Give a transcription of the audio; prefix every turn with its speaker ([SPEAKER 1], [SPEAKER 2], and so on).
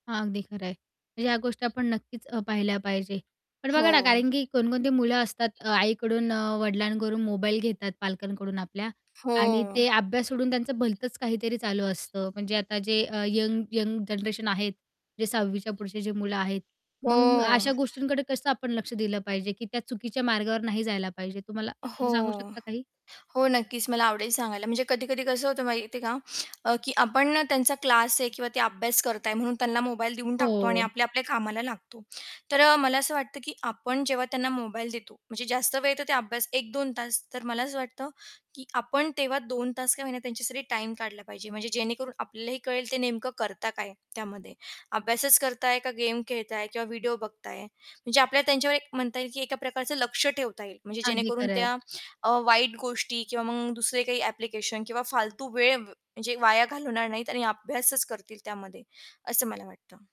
[SPEAKER 1] हां, अगदी खरं आहे. म्हणजे या गोष्टी आपण नक्कीच अ, पाहिल्या पाहिजे. पण
[SPEAKER 2] हो.
[SPEAKER 1] बघा ना, कारण की कोणकोणती मुलं असतात अ, आईकडून, अ, वडिलांकडून मोबाईल घेतात, पालकांकडून आपल्या
[SPEAKER 2] हो.
[SPEAKER 1] आणि ते अभ्यास सोडून त्यांचं भलतंच काहीतरी चालू असतं. म्हणजे आता जे अ, यंग यंग जनरेशन आहेत, जे 6वी च्या पुढचे जे मुलं आहेत.
[SPEAKER 2] हो.
[SPEAKER 1] मग अशा गोष्टींकडे कसं आपण लक्ष दिलं पाहिजे, की त्या चुकीच्या मार्गावर नाही जायला पाहिजे? तुम्हाला तुम्ही सांगू
[SPEAKER 2] हो.
[SPEAKER 1] शकता काही?
[SPEAKER 2] हो, नक्कीच. मला आवडेल सांगायला. म्हणजे कधी-कधी कसं होतं माहिती आहे का, की आपण ना, त्यांचा क्लास आहे किंवा ते अभ्यास करत आहे म्हणून त्यांना मोबाईल देऊन टाकतो आणि
[SPEAKER 1] हो.
[SPEAKER 2] आपल्या-आपल्या कामाला लागतो. तर अ, मला असं वाटतं, की आपण जेव्हा त्यांना मोबाईल देतो म्हणजे जास्त वेळ येतो ते अभ्यास 1-2 तास, तर मला असं वाटतं की आपण तेव्हा 2 तास का होईना त्यांच्यासाठी टाईम काढला पाहिजे. म्हणजे जेणेकरून आपल्यालाही कळेल, ते नेमकं करता काय त्यामध्ये? अभ्यासच करताये? का गेम खेळताये? किंवा व्हिडिओ बघताये? म्हणजे आपल्याला त्यांच्यावर एक म्हणता येईल, की एका प्रकारचं लक्ष ठेवता येईल म्हणजे
[SPEAKER 1] अगदी
[SPEAKER 2] जेणेकरून
[SPEAKER 1] खरं आहे.
[SPEAKER 2] त्या अ, वाईट गोष्टी किंवा मग दुसरे काही ॲप्लिकेशन किंवा फालतू वेळ म्हणजे वाया घालवणार नाहीत आणि अभ्यासच करतील त्यामध्ये, असं मला वाटतं.